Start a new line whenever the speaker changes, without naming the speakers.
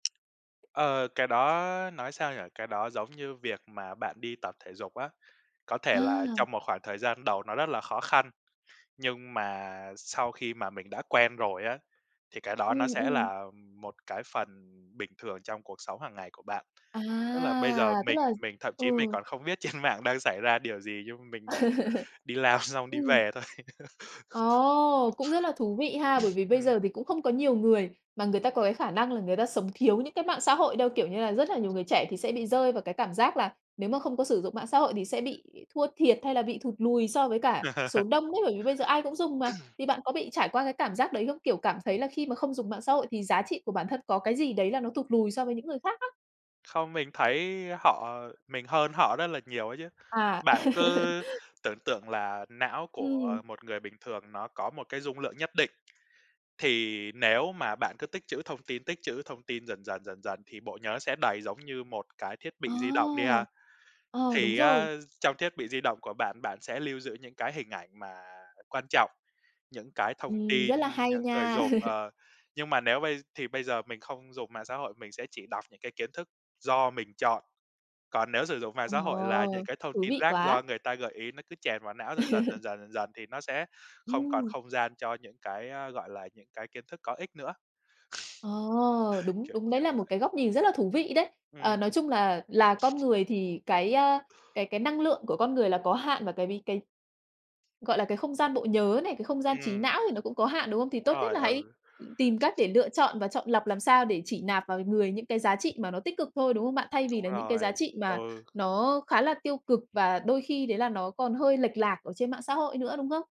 Ờ, cái đó nói sao nhỉ? Cái đó giống như việc mà bạn đi tập thể dục á, có
À.
thể là trong một khoảng thời gian đầu nó rất là khó khăn, nhưng mà sau khi mà mình đã quen rồi á, thì cái đó nó
Ừm,
sẽ
ừm.
là một cái phần bình thường trong cuộc sống hằng ngày của bạn.
À,
Tức là bây giờ
tức
mình
là
mình thậm chí mình
ừ.
còn không biết trên mạng đang xảy ra điều gì nhưng mình đi làm xong đi
Ừm.
về thôi.
Ồ, cũng rất là thú vị ha, bởi vì bây
Ừm.
giờ thì cũng không có nhiều người mà người ta có cái khả năng là người ta sống thiếu những cái mạng xã hội đâu. Kiểu như là rất là nhiều người trẻ thì sẽ bị rơi vào cái cảm giác là nếu mà không có sử dụng mạng xã hội thì sẽ bị thua thiệt hay là bị thụt lùi so với cả số đông ấy, bởi vì bây giờ ai cũng dùng mà, thì bạn có bị trải qua cái cảm giác đấy không? Kiểu, cảm thấy là khi mà không dùng mạng xã hội thì giá trị của bản thân có cái gì đấy là nó thụt lùi so với những người khác á.
Không, mình thấy họ mình hơn họ rất là nhiều ấy chứ.
À.
Bạn cứ tưởng tượng là não của
Ừm.
một người bình thường nó có một cái dung lượng nhất định, thì nếu mà bạn cứ tích trữ thông tin, tích trữ thông tin dần dần, dần dần thì bộ nhớ sẽ đầy giống như một cái thiết
Ờ,
bị di động đi ha.
ờ, đúng
Thì
rồi.
á trong thiết bị di động của bạn, bạn sẽ lưu giữ những cái hình ảnh mà quan trọng, những cái thông
Ừm, rất
tin,
là hay
những người
nha.
dùng, ờ, nhưng mà nếu bây thì bây giờ mình không dùng mạng xã hội, mình sẽ chỉ đọc những cái kiến thức do mình chọn, còn nếu sử dụng mạng xã hội là những
Ồ,
cái thông
thú
tin
vị
rác
quá.
do người ta gợi ý, nó cứ chèn vào não dần dần, dần dần, dần dần thì nó sẽ không còn
Ừm.
không gian cho những cái, a, gọi là, những cái kiến thức có ích nữa.
Ờ, đúng,
Kiểu,
đúng, đấy
kiểu
là một
vậy.
cái góc nhìn rất là thú vị đấy. Ờ,
Ừm.
nói chung là là con người thì cái, a, cái cái năng lượng của con người là có hạn, và cái ví cái, gọi là, cái không gian bộ nhớ này, cái không gian trí
Ừm.
não thì nó cũng có hạn, đúng không? Thì
Đúng
tốt nhất
rồi,
là hãy
ừ.
tìm cách để lựa chọn và chọn lọc làm sao để chỉ nạp vào người những cái giá trị mà nó tích cực thôi, đúng không bạn? Thay
Đúng
vì là những cái
rồi.
giá trị mà
Ừ.
nó khá là tiêu cực và đôi khi đấy là nó còn hơi lệch lạc ở trên mạng xã hội nữa, đúng không?